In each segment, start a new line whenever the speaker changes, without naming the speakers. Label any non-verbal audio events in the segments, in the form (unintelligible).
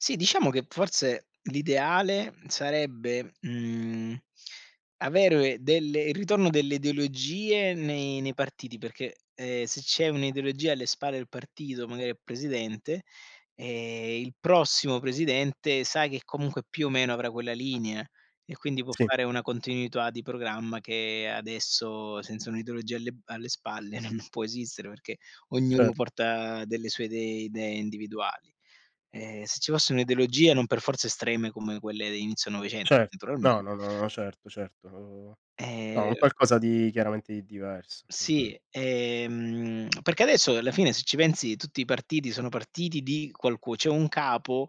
Sì, diciamo che forse l'ideale sarebbe, mhmm, avere delle il ritorno delle ideologie, nei nei partiti, perché, ehm, se c'è un'ideologia alle spalle del partito, magari al presidente, ehm, il prossimo presidente, sa che comunque più o meno avrà quella linea, e quindi può
Sì.
fare una continuità di programma, che adesso senza un'ideologia alle b spalle non può esistere, perché ognuno
Cer
porta delle sue idee idee individuali. Ehm, se ci fosse un'ideologia, non per forza estreme come quelle di inizio '900,
Cer no,
naturalmente
no, no, certo, certo, uhm, no, un
Ehm
qualcosa di chiaramente di diverso, è vero.
Sì, ehm, (smacks lips) perché adesso, alla fine se ci pensi tutti, i partiti sono partiti di qualcu c'è un capo,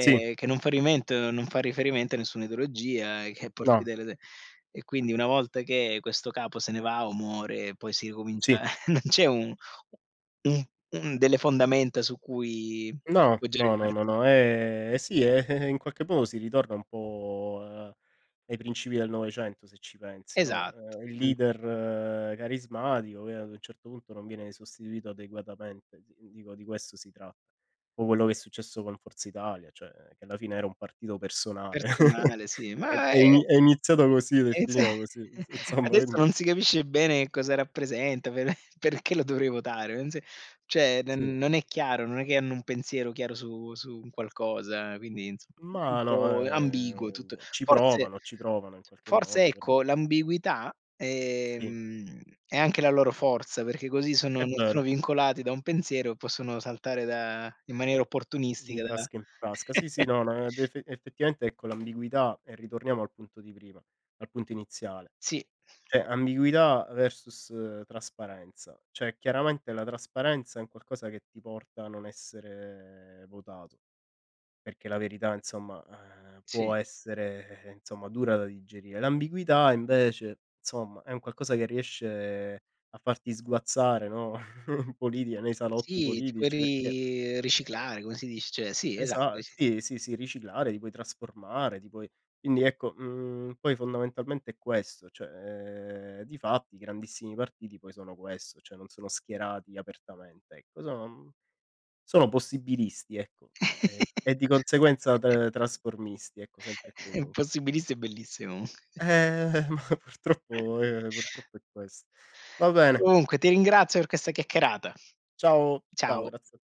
Sì.
che non fa rimento non fa riferimento a nessuna ideologia, che porti
No.
delle idee; e quindi una volta che questo capo se ne va o muore, poi si ricomincia,
Sì.
(chuckles) non c'è un u un un delle fondamenta su cui
No,
poggiare il
no, no,
partito.
no, ehm, eh sì, eh, eh, in qualche modo si ritorna un po' ai principi del '900 se ci pensi, no,
Esatto,
ehm, il
mh.
leader carismatico, che ad un certo punto non viene sostituito adeguatamente, di dico di questo si tratta. Un po' quello che è successo con Forza Italia, cioè, che alla fine era un partito personale. (chuckles)
Personale sì,
È d
ma,
è
ehm
ini è iniziato così, ed è finita
(unintelligible)
così.
(chuckles) Adesso
(unintelligible)
non si capisce bene cosa rappresenta, per perché lo dovrei votare (unintelligible) cioè d
Sì.
non è chiaro, non è che hanno un pensiero chiaro su su un qualcosa, quindi insomma un
Ma no,
po' ambiguo tutto.
ehm, ci
Forse
provano, ci provano in qualche
forse
modo, però.
ecco, l'ambiguità,
Sì.
ehm, è anche la loro forza, perché così sono
È
non
vero.
sono vincolati da un pensiero, e possono saltare da in maniera
Di
opportunistica da
frasca in frasca. Sì, sì,
(chuckles)
no, no, ed ef effettivamente, ecco, l'ambiguità e ritorniamo al punto di prima, al punto iniziale.
Sì.
Cioè ambiguità versus trasparenza, cioè chiaramente la trasparenza, è un qualcosa che ti porta a non essere votato, perché la verità, insomma, ehm, può
Sì.
essere, ehm, insomma dura da digerire. L'ambiguità invece, insomma, è un qualcosa che riesce a farti sguazzare, no, (chuckles) in politica, nei salotti
Sì, ti puoi
politici, perché,
ri
ehm
riciclare come si dice? Cioè, sì, esa
Esa
sì.
sì, sì, sì, riciclare, ti puoi trasformare, ti puoi quindi ecco, mhmm, poi fondamentalmente è questo, cioè, ehm, difatti i grandissimi partiti poi sono questo, cioè non sono schierati apertamente, ecco, sono uhm, sono possibilisti ecco, ehm, e di conseguenza
(chuckles)
tr trasformisti ecco, sempre e
È
comun
impossibilissimo è bellissimo comunque.
Ehm, ma purtroppo ehm,
(chuckles)
purtroppo è questo. Va bene.
Comunque, ti ringrazio per questa chiacchierata.
Ciao, ciao,
Ciao.
grazie a te.